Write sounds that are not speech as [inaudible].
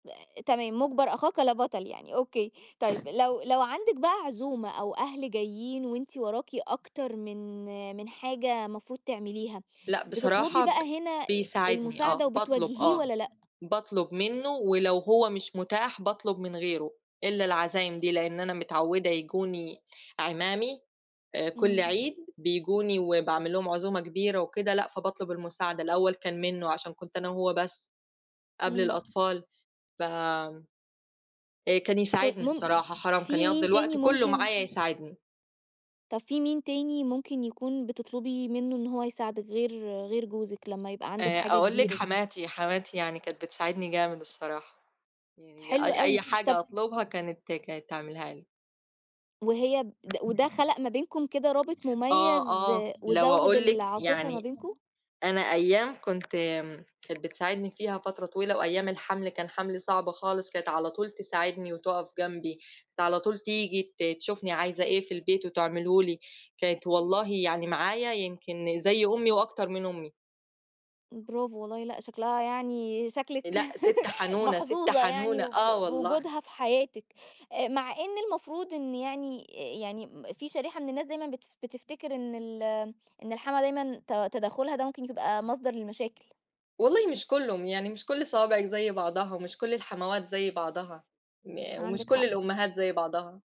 آآ، تمام مُجبر أخاك لا بطل يعني أوكي، طيب لو لو عندِك بقى عزومة أو أهل جايين وأنتِ وراكِ أكتر من من حاجة مفروض تعمليها لأ، بتطلبي بصراحة ب بقى هنا آآ، بيساعدني المساعدة آه، باطلب وبتوجهيه آه، والّا لأ؟ باطلب منُّه ولو هو مش متاح باطلب من غيره، إلّا العزايم دي لإن أنا متعوّدة ييجوني اعمامي آآ، كل إمم. عيد، بييجوني وباعمل لهم عزومة كبيرة وكده لأ، فباطلب المساعدة الأول كان منُّه عشان كنت أنا هو بس قبل إمم. الأطفال، ف آآ، كان كوي يساعدني مُم الصراحة حرام كان في يقضّي مين تاني الوقت كلّه ممكن معايا يساعدني. طَب في مين تاني ممكن يكون بتطلبي منُّه إن هو يساعدِك، غير غير جوزِك لمّا يبقى عندِك آآ، حاجة أقول لِك كبيرة زي حماتي، حماتي يعني كانت بتساعدني جامد الصراحة، يعني ي حلو أي أوي، أي طَب حاجة اطلبها كانت كانت تعملها لي. وهي ب ده وده خَلق ما بينكم كده رابط آه، مُميز، آه. لو وزوّد اقول لِك العاطفة ما يعني بينكم؟ أنا أيام كنت م كانت بتساعدني فيها فترة طويلة، وأيام الحَمل كان حَملي صعب خالص كانت على طول تساعدني وتُقف جنبي، كانت على طول تيجي ت تشوفني عايزة إيه في البيت وتعمله لي، كانت إمم. والله يعني معايا يمكن زي أمي وأكتر من أمي. إمم، برافو والله لأ شكلها يعني شكلِك لأ، سِت [laughs] حنونة، سِت محظوظة يعني حنونة، آه وب والله. وجودها في حياتِك آآ، مع إن المفروض إن يعني آآ، يعني م في شريحة من الناس دايمًا بتف بتفتكر إن ال إن الحماة دايمًا ت تدخُّلها ده ممكن يبقى مصدر للمشاكل. والله مش كلّه، يعني مش كل صوابعِك زي بعضها، مش كل الحموات زي بعضها، ما ومش عندِك كل حق. الأمهات زي بعضها.